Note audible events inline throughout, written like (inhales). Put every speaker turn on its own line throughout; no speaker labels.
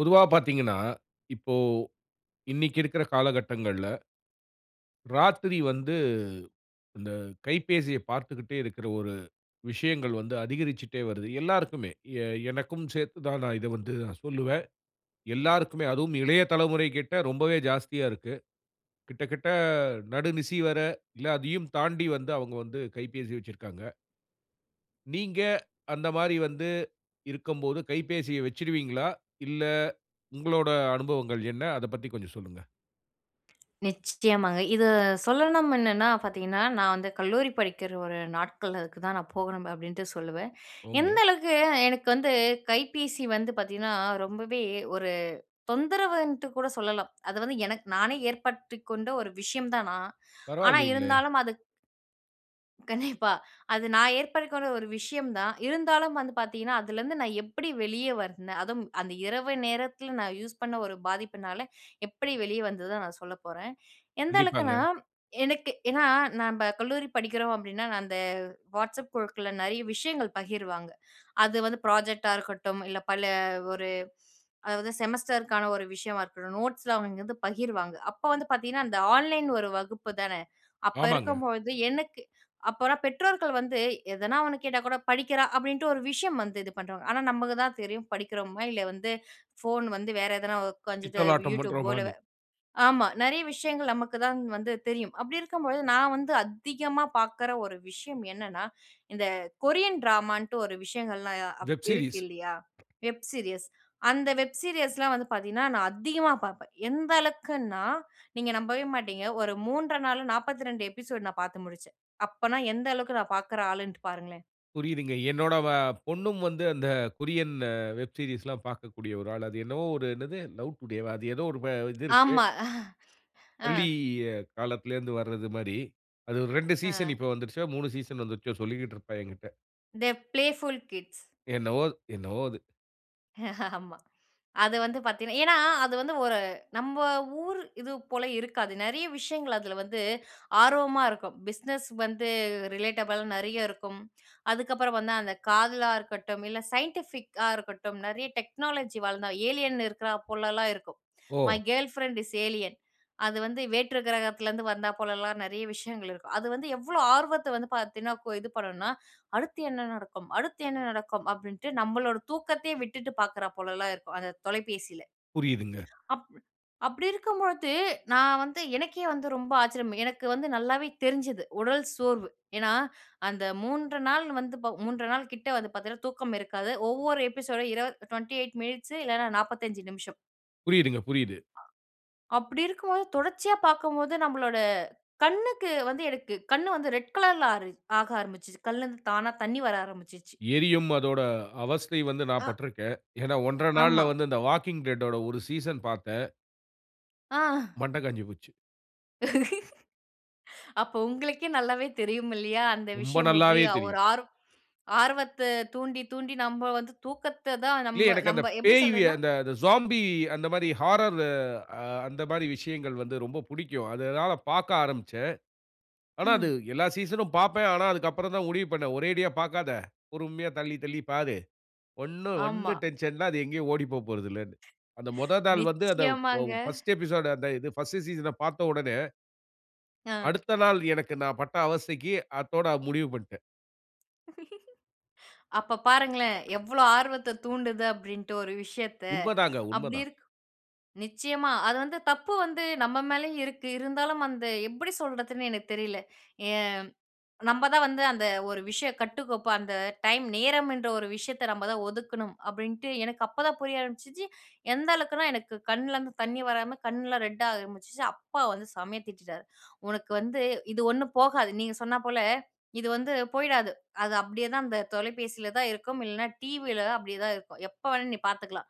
பொதுவா பாத்தீங்கன்னா, இப்போ இன்னிக்கிருக்குற காலகட்டங்கள்ல, ராத்திரி வந்து இந்த கைபேசியப் பார்த்துக்கிட்டே இருக்கிற ஒரு விஷயங்கள் வந்து அதிகரிச்சுட்டே வருது. எல்லாருக்குமே, எ எனக்கும் சேத்து தான், நான் இத வந்து நான் சொல்லுவேன். எல்லாருக்குமே, அதுவும் இளைய தலைமுறை கிட்ட ரொம்பவே ஜாஸ்தியா இருக்கு. கிட்டதட்ட நடுநிசி வர, அதையும் தாண்டி வந்து அவுங்க வந்து கைபேசி வச்சிருக்காங்க. நீங்க அந்த மாரி வந்து இருக்கம்போது கைப்பேசிய வச்சிடுவீங்களா? இல்ல, உங்களோட அனுபவங்கள் என்ன? அதப் பத்தி கொஞ்சம் சொல்லுங்க.
நிச்சயமாங்க, இது சொல்லணும். என்னனா பாத்தீங்கன்னா, நான் வந்து கல்லூரி படிக்கிற ஒரு நாட்கள், அதுக்கு தான் நான் போகணும் அப்பிடின்ட்டு சொல்லுவேன்.
ஓ ங்க!
எந்த அளவுக்கு எனக்கு வந்து கைப்பேசி வந்து பாத்தீங்கன்னா, ரொம்பவே ஒரு தொந்தரவுன்ட்டு கூட சொல்லலாம். அது வந்து எனக்கு நானே ஏற்படுத்திக் கொண்ட ஒரு விஷயம் தான் நான் ஆனா
பரவாயில்லீங்ளே!
இருந்தாலும் அது கண்டிப்பா, அது நான் ஏற்படுத்திக்கொண்ட ஒரு விஷயம் தான். இருந்தாலும் வந்து பாத்தீங்கன்னா, அதுலருந்து நான் எப்படி வெளியே வந்தேன்? அதும் அந்த இரவு நேரத்தில நான் யூஸ் பண்ண ஒரு பாதிப்பினால எப்படி வெளியே வந்ததுதான், நான் சொல்லப் போறேன். எந்த அளவுக்குனா,
கண்டிப்பாங்க.
எனக்கு ஏன்னா, நம்ப கல்லூரி படிக்கிறோம். அப்படின்னா, நான் அந்த Whatsapp குழுக்கள்ல நிறைய விஷயங்கள் பகிர்வாங்க. அது வந்து ப்ராஜெக்ட் டா இருக்கட்டும், இல்ல, பல ஒரு அதாவது செமஸ்டர் க்கான ஒரு விஷயமா இருக்கட்டும், நோட்ஸ் லாம் அவங்க இங்க வந்து பகிர்வாங்க. அப்போ வந்து பாத்தீங்கன்னா, அந்த ஆன்லைன் ஒரு வகுப்பு தானே, அப்போ
ஆமாங்க.
இருக்கும்பொழுது, எனக்கு அப்போனா பெற்றோர்கள் வந்து எதனா ஒண்ணு கேட்டா கூட படிக்கிறா அப்டின்ட்டு ஒரு விஷயம் வந்து இது பண்ணின்டுருவாங்க. ஆனா நமக்கு தான் தெரியும், படிக்கிறோமா இல்லை வந்து ஃபோன் வந்து வேற எதனா, உக்காந்துட்டு
பித்தலாட்டம்
YouTube போல,
பண்றோம்மான்னு.
ஆமா. நிறைய விஷயங்கள், நமக்கு தான் வந்து தெரியும். அப்டி இருக்கும்பொழுது, நான் வந்து அதிகமா பார்க்கற ஒரு விஷயம் என்னன்னா, இந்த கொரியன் டிராமா ன்ட்டு ஒரு விஷயங்கள்லாம் அப்
வெப்
இருக்கு
சீரிஸ்.
இல்லையா, வெப் சீரியஸ் அந்த வெப் சீரியஸ் லாம் வந்து பாத்தீங்கன்னா, நான் அதிகமா பாப்பேன். எந்த அளவுக்குனா, நீங்க நம்பவே மாட்டீங்க, ஒரு 3 1/2 நாளு, 42 எபிசோடு நான் பாத்து முடிச்சேன். அப்பன்னா எந்த அளவுக்கு நான் பாக்குற ஆளுன்ட்டு பாருங்களேன்.
புரியிதுங்க. என்னோட வ பொண்ணும் வந்து அந்த கொரியன் வெப் சீரியஸ்லாம் பார்க்கக்கூடிய ஒரு ஆள். அது என்னவோ ஒரு என்னது "லவ் டுடே" வா? அது ஏதோ ஒரு ப
(chuckles)
இது இருக்கு.
ஆமா. அ
பள்ளி காலத்துல இருந்து வர்றது மாரி. அது 2 சீசன்
ஆ.
இப்ப வந்துட்ச்சா, 3 சீசன் வந்துட்ச்சோ சொல்லியிட்டு இருப்பா எங்கிட்ட.
They playful kids
என்னவோ என்னவோ அது.
(chuckles) ஆமா. அது வந்து பார்த்தீங்கன்னா ஏனா, அது வந்து ஒரு நம்ம ஊரு இது போல இருக்காது. நெறைய விஷயங்கள் அதுல வந்து ஆர்வமா இருக்கும். பிஸ்னஸ் வந்து ரிலேட்டபள் நெறைய இருக்கும். அதுக்கப்புறம் வந்து அந்த காதலா இருக்கட்டும், இல்ல சைன்டிஃபிக்கா இருக்கட்டும் நெறைய டெக்னாலஜி வளந்த ஏலியன் இருக்கறா போலலாம் இருக்கும். "My
O!
girlfriend is alien". அது வந்து வேற்று கிரகத்தலிருந்து வந்தா போலலாம் நெறைய விஷயங்கள் (chuckles) இருக்கும். அது வந்து எவ்ளோ ஆர்வத்த வந்து பார்த்தீங்கன்னா இது பண்ணணும்னா, அடுத்து என்ன நடக்கும் அடுத்து என்ன நடக்கும் அப்டின்ட்டு நம்மளோட தூக்கத்தையே விட்டுட்டு பார்க்கறா போலலாம் இருக்கும். அந்த தொலைபேசியில.
புரியிதுங்க.
(clicks tongue) அப்டி அப்டி இருக்கும் பொழுது நான் வந்து எனக்கே வந்து ரொம்ப ஆச்சரியம். எனக்கு வந்து நல்லாவே தெரிஞ்சிது. உடல் சோர்வு. ஏனா, அந்த 3 நாள் வந்து ப 3 நாள் கிட்ட வந்து பார்த்தீங்கன்னா தூக்கம் இருக்காது. ஒவ்வொரு எபிசோடு இரு 28 மினிட்ஸ்சு இல்லனா 45 நிமிஷம்.
புரியுதுங்க, புரியுது.
அப்டி இருக்கும்போது தொடர்ச்சியா பார்க்கும்போது நம்பளோட கண்ணுக்கு வந்து எனக்கு கண் வந்து ரெட் கலர்ல்ல ஆர ஆக ஆரம்பிச்சது. கண்ணுலருந்து தானா தண்ணீ வர ஆரம்பிச்சுச்சு.
எரியும், அதோட அவஸ்தை வந்து நான்
ஆ.
பட்டிருக்கேன். ஏன்னா, 1 1/2 நாள்ல
ஆமா.
வந்து இந்த The Walking Dead ஓட, 1 சீசன் பார்த்தேன்.
ஆஹ்.
மண்ட காஞ்சுபோச்சு.
(laughs) அப்போ, உங்களுக்கே நல்லாவே தெரியும் இல்லையா? அந்த
ரொம்ப
விஷயம் எப்பிடி
நல்லாவே
ஒரு
தெரியும்.
ஆர் ஆர்வத்த தூண்டி தூண்டி, நம்ப வந்து தூக்கத்த தான்
இல்ல,
நம்ப
எனக்கு அந்த
நம்ப எப்பிடி
பேய்யி
சொல்றதுன்னா
அந்த சோம்பி, அந்த மாரி ஹாரர், அ அந்த மாரி விஷயங்கள் வந்து ரொம்ப புடிக்கும். அதனால பார்க்க ஆரம்பிச்சேன். ஆனா, அது
ம்.
எல்லா சீசன்னும் பார்ப்பேன். ஆனா, அதுக்கு அப்புறம் தான் முடிவு பண்ணேன். ஒரேடியா பார்க்காத. பொறுமையா தள்ளி, தள்ளிப் பார். ஒண்ணும்,
ஆமா.
ஒண்ணும் டென்ஷன் இல்ல. அது எங்கேயும் ஓடிப் போகப்போறதில்லன்னு. அந்த முத நாள் வந்து அந்த வா
நிச்சயமாங்க.
பர்ஸ்ட் எபிசோடு அந்த இது பர்ஸ்ட் சீசன பார்த்த உடனே
ஆ.
அடுத்த நாள், எனக்கு நான் பட்ட அவஸ்தைக்கு, அத்தோட முடிவு பண்ணிட்டேன்.
(chuckles) அப்போ பாருங்களேன், எவ்வளோ ஆர்வத்த தூண்டுது? அப்டின்ட்டு ஒரு விஷயத்த.
உண்மதாங்க.
அப்பிடி
உண்மதான்.
இருக் நிச்சயமா. அது வந்து தப்பு வந்து நம்ம மேலேயும் இருக்கு. இருந்தாலும், அந்த எப்பிடி சொல்றதுன்னு எனக்கு தெரியல. ஏ நம்ம தான் வந்து அந்த ஒரு விஷயம் கட்டுக்கோப்பு அந்த டைம், நேரம் என்ற ஒரு விஷயத்த, நம்ம தான் ஒதுக்கணும் அப்டின்ட்டு எனக்கு அப்போ தான் புரிய ஆரம்பிச்சிச்சு. எந்த அளவுக்குனா, எனக்கு கண்லேருந்து தண்ணி வராம, கண்ணுலாம் ரெட்டாக ஆரம்பிச்சுச்சு. அப்பா வந்து செமையா திட்டிட்டாரு. "உனக்கு வந்து இது ஒண்ணும் போகாது. "நீங்க சொன்னாப் போல, "இது வந்து போயிடாது. அது அப்டியே தான், அந்த தொலைபேசியில தான் இருக்கும் இல்லைனா, டிவியில தான், அப்டியே தான் இருக்கும். எப்போ வேணாலும் நீ பார்த்துக்கலாம்,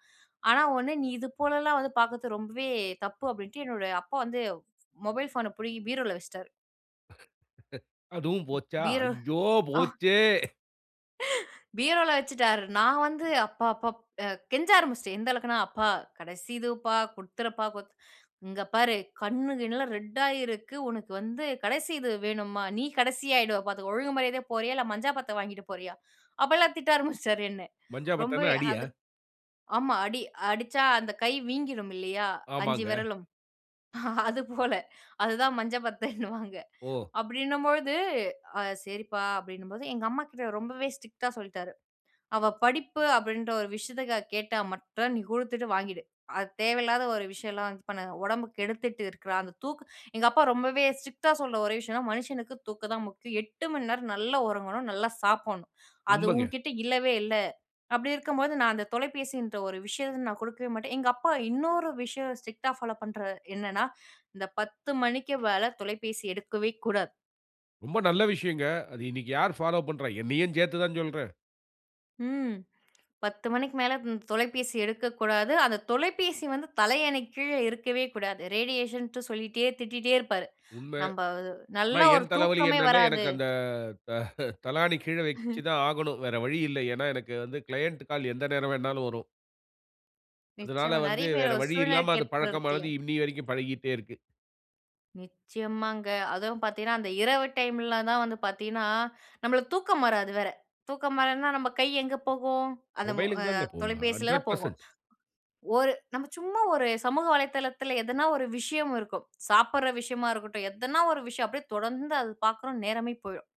ஆனா ஒண்ணு, நீ இது போலலாம் வந்து பார்க்கறது ரொம்பவே தப்பு" அப்டின்ட்டு என்னோட அப்பா வந்து, மொபைல் ஃபோன பிடுங்கி பீரோவில வச்சுட்டாரு.
அதுவும் போச்சா?
பீர
ஐயோ
ஆ (laughs)
போச்சே!
பீரவுல வச்சுட்டாரு. "நான் வந்து அப்பா, அப்பா அ கெஞ்ச ஆரம்பிச்சுட்டன்." எந்த அளவுக்குனா "அப்பா கடைசி இதுப்பா குடுத்தறப்பா குட் இங்கே பாரு கண்ணு கிண்ணுலாம் ரெட்டா இருக்கு. உனக்கு வந்து கடைசி இது வேணுமா? நீ கடைசியா ஆயிடுவா பார்த்துக்கோ. ஒழுங்கு மரியாதையா போறியா? இல்ல மஞ்சா பத்த வாங்கிட்டு போறியா? அப்போலாம் திட்ட ஆரம்பிச்சுட்டாரு என்ன.
மஞ்சா பத்தனா
ரொம்பவே
அடியா?
அது" ஆமா அடி. அடிச்சா அந்த கை வீங்கிரும் இல்லையா, அஞ்சு
ஆமாங்க.
விரலும் அது போல. அதுதான் மஞ்சள் பத்தன்வாங்க.
ஓ!
அப்டின்னும்பொழுது. அ சரிப்பா அப்டின்னும்போது "எங்க அம்மா கிட்ட ரொம்பவே ஸ்ட்ரிக்ட்டா சொல்ட்டாரு. அவ படிப்பு அப்டின்ற ஒரு விஷயத்துக்காக கேட்டா மட்டும் நீ குடுத்துட்டு வாங்கிடு. அது தேவையில்லாத ஒரு விஷயம் எல்லாம் இது பண்ணு. உடம்பு கெடுத்துட்டு இருக்கிறா அந்த தூக்கு எங்க அப்பா ரொம்பவே ஸ்ட்ரிக்டா சொல்ற ஒரே விஷயம்னா மனுஷனுக்கு தூக்கம் தான் முக்கியம். 8 மணி நேரம் நல்லா உறங்கணும். நல்லா சாப்பட்ணும். அது
உண்மங்க.
உன்கிட்ட இல்லவே இல்ல." அப்டி இருக்கும்போது நான் அந்த தொலைபேசி என்ற ஒரு விஷயத்த நான் குடுக்கவே மாட்டேன். "எங்க அப்பா இன்னொரு விஷயம் ஸ்ட்ரிக்டா ஃபாலோ பண்ற என்னன்னா, இந்த (inhales) 10 மணிக்கு மேல தொலைபேசி எடுக்கவே கூடாது."
ரொம்ப நல்ல விஷயங்க. அது இன்னைக்கு, யாரு ஃபாலோ பண்றா? என்னையும் சேர்த்து தான் சொல்றேன்.
ம். (clicks tongue) 10 மணிக்கு மேல, ம் தொலைபேசி எடுக்கக்கூடாது. அந்த தொலைபேசி வந்து தலையணைக்கு கீழ, இருக்கவே கூடாது. ரேடியேஷன்ட்டு சொல்லிட்டே திட்டிட்டே இருப்பாரு.
உண்ம.
நம்ப
ஆனா,
நல்லா ஒரு
என் தலவலி
தூக்கமே
என்னன்னா,
வராது.
எனக்கு அந்த த (chuckles) தலாணி கீழ, வச்சு
(chuckles)
தான் ஆகணும். வேற வழி இல்ல. ஏனா, எனக்கு வந்து கிளையன்ட் கால், எந்த நேர வேணாலும் வரும். அதுனால
நிச்சயமா.
வந்து,
நெறைய பேரு
வேற
ஒரு
வழி இல்லாம, அது
சூழ்நிலகேப்ப இருக்குல.
பழக்கமானது. இன்னிய வரைக்கும் பழகிட்டே இருக்கு.
நிச்சயமாங்க. அதுவும் பாத்தீங்கன்னா, அந்த இரவு டைம்ல தான் வந்து பாத்தீங்கன்னா, நம்மளுக்கு தூக்கம் வராது வேற. தூக்கம் வரானா, நம்ப கை எங்க போகும். அந்த மொ அ
மொபைல்க்கு தாங்க போகும்.
தொலைபேசியிலதா
ஹண்ட்ரேட்
போகும்.
பெர்ஸன்ட்
ஒரு நம்ம சும்மா ஒரு சமூக வலைதளத்தில, எதனா ஒரு விஷயம் இருக்கும். சாப்பட்ற விஷயமா இருக்கட்டும். எதனா ஒரு விஷயம். அப்டியே தொடர்ந்து, அது பார்க்குறோனு நேரமே போயிரும்.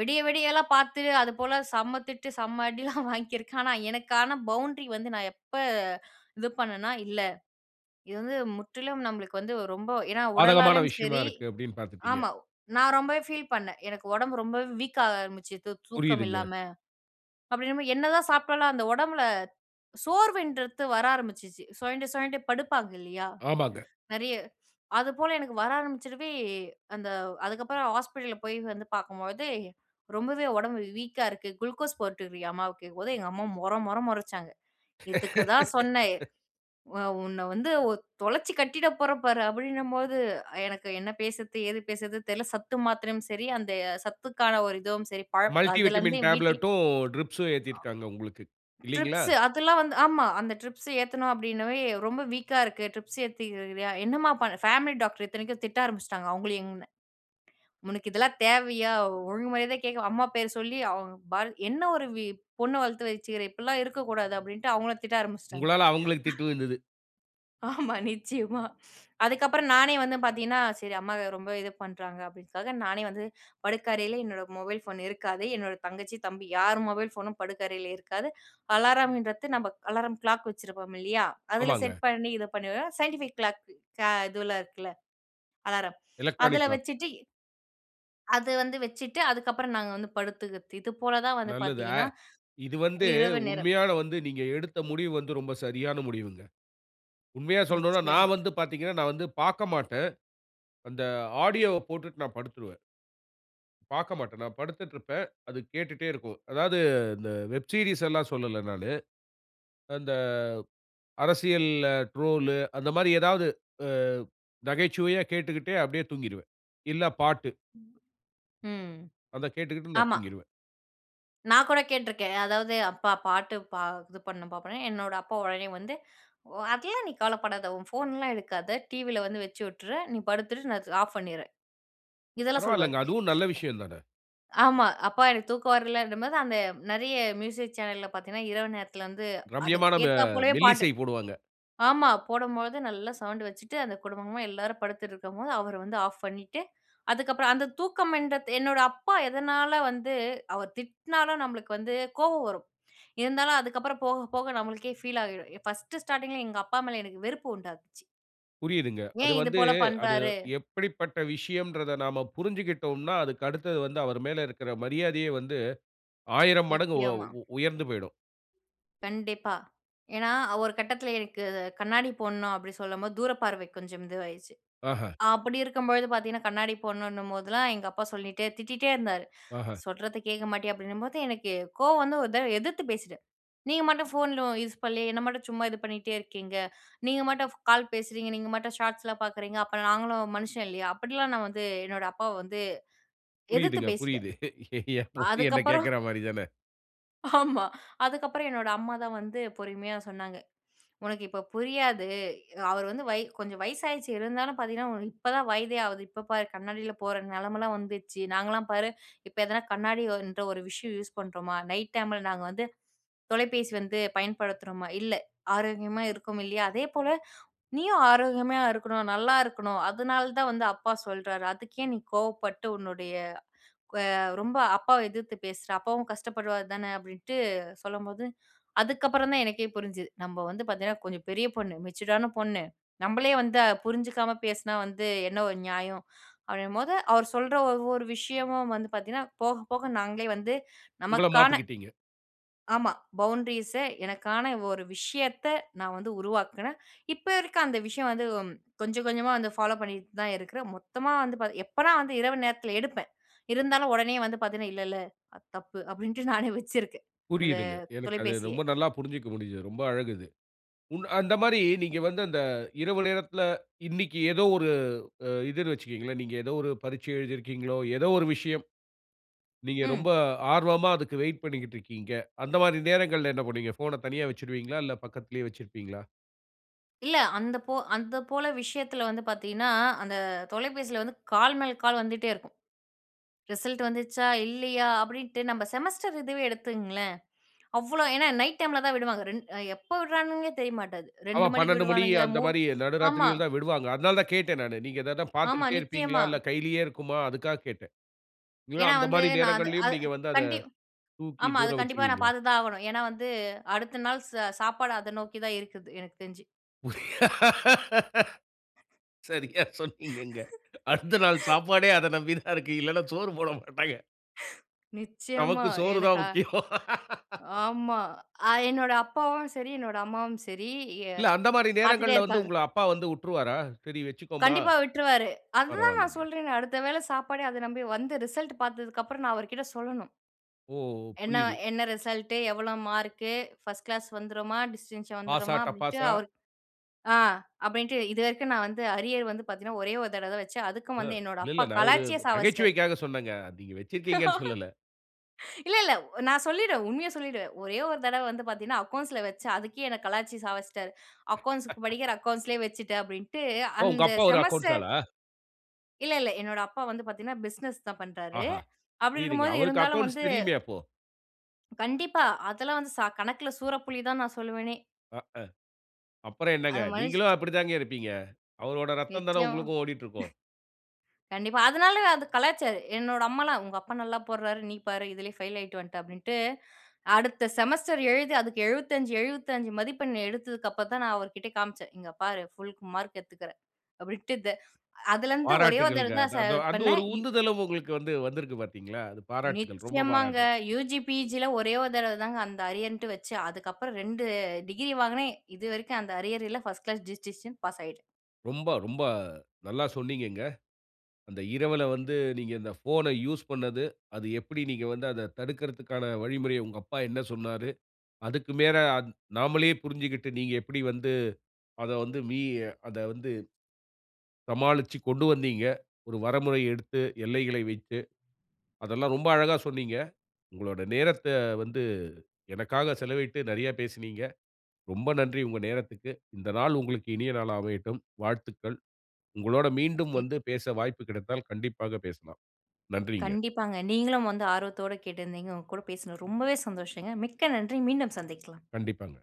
விடிய விடியலாம் பாத்து, அதுபோல செம்ம திட்டு, செம்ம (chuckles) அடிலாம் வாங்கியிருக்கேன். ஆனா, எனக்கான பவுண்ட்ரி வந்து, நான் எப்ப, இது பண்ணனா இல்ல. இது வந்து முற்றிலும் நம்மளுக்கு வந்து ரொம்ப ஏன்னா
பாதகமான
உடலாலேயும்
விஷயமா
சரி
இருக்கு. அப்டினு, பாத்துடீங்க.
ஆமா. நான் ரொம்பவே ஃபீல் பண்ணேன். எனக்கு ஒடம்பு ரொம்ப வீக்காக ஆரம்பிச்சுது, தூக்கம்
புரியிதுங்க.
இல்லாம. அப்டின்னம்போது என்னதான் சாப்பிட்டாலும் அந்த உடம்பில சோர்வுன்றது வர ஆரம்பிச்சுச்சு. சுழண்டு சுழண்டு படுப்பாங்கல்லையா
ஆமாங்க.
நெறைய. அதுபோல எனக்கு வர ஆரம்பிச்சுறவே, அந்த அதுக்கப்புறம் ஹாஸ்பிட்டல்ல போய், வந்து பார்க்கும்பொழுது ரொம்பவே உடம்பு வீக்கா இருக்கு. குளுக்கோஸ் போட்டுறியாம்மா அம்மாவுக்கு கேக்கும்போது எங்க அம்மா மொற மொற மொறச்சாங்க. "இதுக்கு தான் சொன்னேன்
(laughs)
உ உன்ன வந்து ஒ தொலைச்சு கட்டிடப் போறேன் பாரு". அப்படின்னம்போது எனக்கு என்ன பேசுறது, ஏது பேசுறது தெரியல. சத்து மாத்திரையும் சரி, அந்த சத்துக்கான ஒரு இதுவும் சரி, பழம்
மல்டி
அதுலேருந்து
விட்டமின்
என் வீட்ல
டேப்லெட்டும், ட்ரிப்ஸ்சும் ஏத்தியிருக்காங்க, உங்களுக்கு.
அ.
இல்லைங்களா?
ட்ரிப்ஸ் அதெல்லாம் வந்து ஆமா. அந்த ட்ரிப்ஸ் ஏத்தணும் அப்படின்னவே, ரொம்ப வீக்கா இருக்கு. ட்ரிப்ஸ் ஏத்திக்கிறுக்குரிய என்னம்மா, ப பேமிலி டாக்டர் இத்தனைக்கும் திட்ட ஆரம்புச்சுட்டாங்க. அவங்களியும் என்ன (clicks tongue) உனக்கு இதெல்லாம் தேவையா? ஒழுங்கு மரியாதயா கேட்க அம்மா பேரு சொல்லி, அவுங்க பாரு. என்ன ஒரு, பொண்ண வளத்து வச்சுருக்க. இப்படிலா இருக்கக்கூடாது. அப்படின்டு, அவுங்கள திட்ட ஆரம்பிச்சுட்டாங்க. (breath)
உங்களால, அவங்களுக்கு திட்டு
(chuckles)
விழுந்துது.
ஆமா. நிச்சயமா. அதுக்கப்புறம் நானே வந்து பார்த்தீங்கன்னா, சரி அம்மா இது ரொம்ப இது பண்றாங்க. அப்படீன்னுக்காக நானே வந்து படுக்கறையில என்னோட மொபைல் ஃபோன் இருக்காது. என்னோட தங்கச்சி, தம்பி யார் மொபைல் ஃபோனும் படுக்கறையில இருக்காது. அலாரம்ன்றத்து, நம்ப அலாரம் க்ளாக் வச்சிருப்போம் இல்லையா? அதுல செட்
ஆமாங்க.
பண்ணி, இது பண்ணிருவேன். சைன்டிஃபிக் கிளாக் க இதுவெல்லாம் இருக்குல்ல. அலாரம். அதுல
எலக்ட்ரானிக் க்ளாக்கு.
வச்சுட்டு அது வந்து வச்சுட்டு, அதுக்கப்புறம் நாங்க வந்து படுத்துக்கறத்து. இது போல தான் வந்து
நல்லது. அ
பார்த்தீங்கன்னா,
இது வந்து
இரவு நேரம்.
உண்மையான வந்து, நீங்க எடுத்த முடிவு வந்து ரொம்ப சரியான முடிவுங்க. உண்மையா சொல்லணுன்னா
நிச்சயமா.
நான் வந்து பார்த்தீங்கன்னா, நான் வந்து பார்க்க மாட்டேன். அந்த ஆடியோவை போட்டுட்டு நான் படுத்துருவேன். பார்க்க மாட்டேன். நான் படுத்துட்டு இருப்பேன். அது கேட்டுட்டே இருக்கும். அதாவது இந்த வெப் சீரியஸ் எல்லாம் சொல்லல நானு. அந்த அரசியல்ல ட்ரோலு அந்த மாரி ஏதாவது. ஆ நகைச்சுவையா கேட்டுக்கிட்டு அப்டியே தூங்கிடுவேன். இல்ல பாட்டு.
ம், ம்.
அத கேட்டுகிட்டு நான்
ஆமா.
தூங்கிருவேன்.
நான் கூட கேட்ருக்கேன். அதாவது, "அப்பா பாட்டு பா இது பண்ணனும்பா." அப்படீன்னோனே, என்னோட அப்பா உடனே வந்து, "ஒ அதெல்லாம் நீ கவலப்படாத, உன் போன்ல்லாம் எடுக்காத. டிவியில வந்து வச்சு விட்டுர்றேன். நீ படுத்துரு. நான் ஆஃப் பண்ணிர்றேன்." இதெல்லாம் சொல்வாரு.
பரவால்லங்க.
(laughs)
அதுவும் நல்ல விஷயம் தான!
ஆமா. அப்பா எனக்கு தூக்கம் வரலன்றம் போது, அந்த நெறைய மியூசிக் சேனல்ல பார்த்தீங்கன்னா, இரவு நேரத்துல வந்து
ரம்யமான ம
அதுக்கேத்தா போலவே பாட்டு
மெல்லிசை போடுவாங்க.
ஆமா. போடும்போது நல்லா சவுண்டு வச்சுட்டு, அந்த குடும்பமா எல்லாரும் படுத்துட்ருக்கும்போது அவரு வந்து ஆஃப் பண்ணீட்டு. அதுக்கப்புறம், அந்த தூக்கம் என்றத்து என்னோட அப்பா எதனால வந்து அவர் திட்னாலும், நம்பளுக்கு வந்து கோவம் வரும். இருந்தாலும் அதுக்கப்புறம், போக போக நம்மளுக்கே ஃபீல் ஆகிடும். 1 ஸ்டார்டிங்கில எங்க அப்பா மேல எனக்கு வெறுப்பு உண்டாக்குச்சு.
புரியுதுங்க. அது
ஏன் இது
வந்து
போல
அது
பண்றாரு?
எப்டிப்பட்ட விஷயம்ன்றத நாம புரிஞ்சிகிட்டோம்னா, அதுக்கு அடுத்தது வந்து அவர் மேல இருக்கிற மரியாதையே வந்து, 1000 மடங்கு
நிச்சயமா.
உ உயர்ந்து போய்டும்.
கண்டிப்பா. ஏன்னா அ ஒரு கட்டத்தில எனக்கு, "கண்ணாடி போடணும்." அப்படின்னு சொல்லும்போது, தூரப்பார்வை கொஞ்சம் இதுவாயிருச்சு.
ஆஹ.
அப்படி இருக்கும்பொழுது பார்த்தீங்கன்னா, கண்ணாடி போடணுன்னும் போதுலாம், எங்க அப்பா சொல்லிட்டே திட்டிட்டே இருந்தாரு.
ஆஹ.
"சொல்றத கேட்க மாட்டியா?" அப்படீன்னும்போது, எனக்கே கோவம் வந்து ஒரு தடவ எதிர்த்து பேசிட்டேன். "நீங்க மட்டும் ஃபோன்லோ யூஸ் பண்ணலயா? என்ன மட்டும் சும்மா இது பண்ணீட்டே இருக்கீங்க. நீங்க மட்டும் கால் பேசுறீங்க. நீங்க மட்டும் ஷார்ட்ஸ்லாம் பார்க்குறீங்க. அப்ப நாங்களும் மனுஷன் இல்லையா?" அப்படிலாம் நான் வந்து என்னோட அப்பாவ வந்து எதிர்த்து
புரியுதுங்க,
பேசிட்டேன்.
புரியுது. என் பொண்ணு என்ன
அதுக்கப்புறம்
கேக்குற மாறி தான.
ஆமா. அதுக்கப்பறம், என்னோட அம்மா தான் வந்து பொறுமையா சொன்னாங்க, "உனக்கு இப்ப புரியாது. அவர் வந்து வய கொஞ்ச வயசாயிடுச்சு. இருந்தாலும் பார்த்தீங்கன்னா, உனக்கு இப்பதான் வயதே ஆகுது. இப்ப பார் கண்ணாடில்லாம் போற நெலமைல்லாம் வந்துச்சு. நாங்கல்லாம் பாரு, இப்ப எதனா கண்ணாடி ஒ இன்ற ஒரு விஷயம் யூஸ் பண்ணுறோமா? நைட் டைமில நாங்க வந்து தொலைபேசி வந்து பயன்படுத்துறோமா? இல்லை. ஆரோக்கியமா இருக்கோம் இல்லையா? அதேபோல நீயும் ஆரோக்கியமா இருக்கணும், நல்லா இருக்கணும். அதனால தான் வந்து அப்பா சொல்றாரு. அதுக்கேன் நீ கோவப்பட்டு உன்னுடைய க் வ ரொம்ப அப்பாவ எதிர்த்து பேசுற. அப்பாவும் கஷ்டப்படுவாரு தான." அப்படீன்ட்டு சொல்லும்போது அதுக்கப்புறம் தான் எனக்கே புரிஞ்சுது. "நம்ப வந்து பார்த்தீங்கன்னா, கொஞ்சம் பெரிய பொண்ணு. மெச்சுர்டான பொண்ணு. நம்பளே வந்து அ புரிஞ்சுக்காம பேசினா வந்து என்ன ஒரு நியாயம்?" அப்படீங்கும்போது அவர் சொல்ற ஒவ்வொரு விஷயமும் வந்து பார்த்தீங்கன்னா, போக போக நாங்களே வந்து
உங்கள
நமக்கான
மாத்திக்கிட்டீங்க.
ஆமா. பவுண்ட்ரீஸ எனக்கான ஒரு விஷயத்த நான் வந்து உருவாக்குனேன். இப்ப இருக்க அந்த விஷயம் வந்து ம் கொஞ்சம் கொஞ்சமா வந்து ஃபாலோ பண்ணீட்டு தான் இருக்குறேன். மொத்தமா வந்து பார்த் எப்பன்னா வந்து இரவு நேரத்தில எடுப்பேன். இருந்தாலும் உடனே வந்து பார்த்தீங்கன்னா, "இல்ல இல்ல அது தப்பு." அப்படீன்ட்டு நானே வச்சிருக்கேன். அத
புரியுதுங்க. எனக்கு அது
தொலைபேசியை.
ரொம்ப நல்லா புரிஞ்சுக்க முடியுது. ரொம்ப அழகு அது. உன் அந்த மாரி நீங்க
நிச்சயமா.
வந்து அந்த இரவு நேரத்துல, இன்னைக்கு ஏதோ ஒரு அ இதுன்னு வச்சுக்கங்களேன். நீங்க ஏதோ ஒரு பரீட்ச எழுதி இருக்கீங்களோ? ஏதோ ஒரு விஷயம். நீங்க ரொம்ப
ம்.
ஆர்வமா அதுக்கு வெயிட் பண்ணிக்கிட்ருக்கீங்க. அந்த மாரி நேரங்கள்ல என்ன பண்ணுவீங்க? ஃபோன தனியா வச்சுருவீங்களா? இல்ல பக்கத்துலேயே வச்சுருப்பீங்களா?
இல்ல. அந்த போ அந்த போல விஷயத்துல வந்து பார்த்தீங்கன்னா. அந்த தொலைபேசியில வந்து கால் மேல் கால் வந்துட்டே இருக்கும். ரிசல்ட் வந்துச்சா? இல்லயா? அப்டின்ட்டு நம்ம செமஸ்டர் இதுவே எடுத்துங்களேன். அவ்ளோ ஏனா, நைட் டைம்ல தான் விடுவாங்க ரெண் எப்ப விட்றாங்கனே தெரிய மாட்டேங்குது.
ஆமா.
2 மணிக்கு
12 மணி
விடுவானுங்க
அந்த
மூண்
மாரி
ஆமா.
நடுராத்திரிகள் தான் விடுவாங்க. அதனால தான் கேட்டேன் நானு. நீங்க ஏதாது
ஆமா.
பார்த்துட்டே இருப்பீங்களா?
நிச்சயமா.
இல்ல கையிலேயே இருக்குமா? அதுக்கா கேட்டேன். இல்ல
ஏனா.
அந்த
வந்து
மாரி
நான் அது
நேரங்கள்லேயும்
அது
நீங்க வந்து அத
கண்டிப்
தூக்கி
ஆமா.
தூர
அது கண்டிப்பா நான்
வச்சுருவீங்களா?
பார்த்துதான் ஆகணும். ஏனா, வந்து அடுத்த நாள் ச சாப்பாடு அத நோக்கி தான் இருக்குது எனக்கு தெரிஞ்சு.
சரியா சொன்னீங்கங்க. அடுத்த நாள் சாப்பாடே அத நம்பி தான் இருக்கு.
(laughs)
இல்லனா சோறு போட மாட்டாங்க.
(laughs) நிச்சயமா
நமக்கு சோறு தான்
எனக்கா
முக்கியம்.
ஆமா. அ என்னோட அப்பாவும் சரி, என்னோட அம்மாவும் சரி. அ
இல்ல அந்த மாரி
பார்த்துன்னே
நேரங்கள்ல வந்து
இருப்பாங்க.
உங்கள அப்பா வந்து உட்ருவாரா? சரி வச்சிக்கோமா?
கண்டிப்பா விட்ருவாரு. அது தான் நான்
பரவால்லங்க.
சொல்றேனே அடுத்த வேளை சாப்பாடே அதை நம்பி வந்து ரிசல்ட்டு பார்த்ததுக்கு அப்புறம் நான் அவர்கிட்ட சொல்லணும்.
ஓ!
என்ன
புரியுது.
என்ன ரிசல்ட்டு? எவ்வளவு மார்க்கு? ஃபர்ஸ்ட் கிளாஸ் வந்துடுமா? டிஸ்டென்ஷன்
பாசா,
வந்துடுமா? அப்டின்ட்டு
டப்பாசா?
அவரு ஆ அப்டின்ட்டு இது வரைக்கும் நான் வந்து அரியர் வந்து பார்த்தீங்கன்னா, ஒரே 1 தடவ தான் வச்சேன். அதுக்கும்
அ.
வந்து என்னோட
இல்ல,
அப்பா
இல்ல. நான் ஒரு
கலாச்சியே சாவஸ்ட்டாரு.
நகைச்சுவைக்காக சொன்னேங்க. நீங்க வச்சிருக்கீங்கனு சொல்லல.
இல்ல, இல்ல. நான் சொல்லிடுவன். உண்மைய சொல்லிவிடுவன். ஒரே 1 தடவ வந்து பார்த்தீங்கன்னா அக்கவுண்ட்ஸ்ல வச்சன். அதுக்கே என்ன கலாய்ச்சு சாவச்டாரு. அக்கவுண்ட்ஸ்க்கு படிக்கிற
(laughs)
அக்கவுண்ட்ஸ்லேயே வச்சிட்டேன் அப்டின்ட்டு
ஓ! உங்க
அந்த
அப்பா ஒரு அக்கவுண்ட்ஸ்
செமஸ்டர்
ஆளா?
இல்ல இல்ல. என்னோட அப்பா வந்து பார்த்தீங்கனா, பிசினஸ் தான் பண்றாரு.
ஆஹா!
அப்டி
புரியிதுங்க.
இருக்கும்போது
அவருக்கு
இருந்தாலும்
அக்கோன்ஸ்
வந்து
தெரியுமே அப்போ?
கண்டிப்பா. அதெல்லாம் வந்து ச "கணக்குல சூரப்புலி" தான் நான் சொல்வேனே.
அ அ. அப்புறம் என்னங்க
அந்த மனுஷ
நீங்களும் அப்டி தாங்க இருப்பீங்க. அவரோட ரத்தம் தானே
நிச்சியமா. (chuckles)
உங்களுக்கும் ஓடிட்டு இருக்கும்.
கண்டிப்பா. அதனாலயே அது கலாய்ச்சாரு. என்னோட அம்மாலாம், உங்க அப்பா நல்லா போட்றாரு. நீ பாரு, இதிலேயே பெயில் அயுட்டு வண்ட அப்டிண்டு. அடுத்த செமஸ்டர் எழுது அதுக்கு 75 75 மதிப்பெண் எடுத்ததுக்கு அப்புறம் தான் நான் அவர்க்கிட்ட காமிச்சேன். இங்க பாரு புல் மார்க் எடுத்துக்றேன். அப்டின்ட்டு, த அதுல இருந்து ஒரே தரவ
பாராட்டுகள்ங்க.
தான்
அந்
ச
அந்த அந்த
பண்ணேன்
ஒரு
இ
உந்துதலும் உங்களுக்கு வந்து வந்திருக்கு பார்த்தீர்களா, அது பாராட்டுகள், ரொம்ப
நிச்சியமாங்க.
பாராட்டுகள்.
யுஜி, பிஜி ல ஒரே 1 தடவ தாங்க அந்த அரியர்ன்டு வச்சு. அதுக்கு அப்புறம் 2 டிகிரி வாங்கினேன் இது வரைக்கும் அந்த அரியர் இல 1 ஸ்ட் கிளாஸ் டிஸ்டிங்ஷன் பாஸ் ஆயிட்டேன்.
ரொம்ப ரொம்ப நல்லா சொன்னீங்கங்க. அந்த இரவுல வந்து நீங்க இந்த போன்ஐ யூஸ் பண்ணது, அது எப்டி நீங்க வந்து அத தடுக்கிரதுக்கான வழிமுறைய உங்கள அப்பா என்ன சொன்னாரு. அதுக்கு மேல அந் நாமலே புரிஞ்சிக்கிட்டு நீங்க எப்டி வந்து அத வந்து வி அத வந்து சமாளிச்சு கொண்டு வந்தீங்க. ஒரு வரமுறை எடுத்து எல்லைகளை வைத்து. அதெல்லாம், ரொம்ப அழகா சொன்னீங்க. உங்களோட நேரத்த வந்து எனக்காக செலவிட்டு நெறைய பேசினீங்க. ரொம்ப நன்றி. உங்க நேரத்துக்கு. இந்த நாள் உங்களுக்கு இனிய நாளா அமையட்டும். வாழ்த்துக்கள். உங்களோட மீண்டும்
நிக்
வந்து பேச வாய்ப்பு கிடைத்தால் கண்டிப்பாக பேசலாம். நன்றிங்க.
கண்டிப்பாங்க. நீங்களும் வந்து ஆர்வத்தோட கேட்டிருந்தீங்க. உங்க கூட பேசனதுல ரொம்பவே சந்தோஷங்க. மிக்க நன்றி! மீண்டும் சந்திக்கலாம்.
கண்டிப்பாங்க.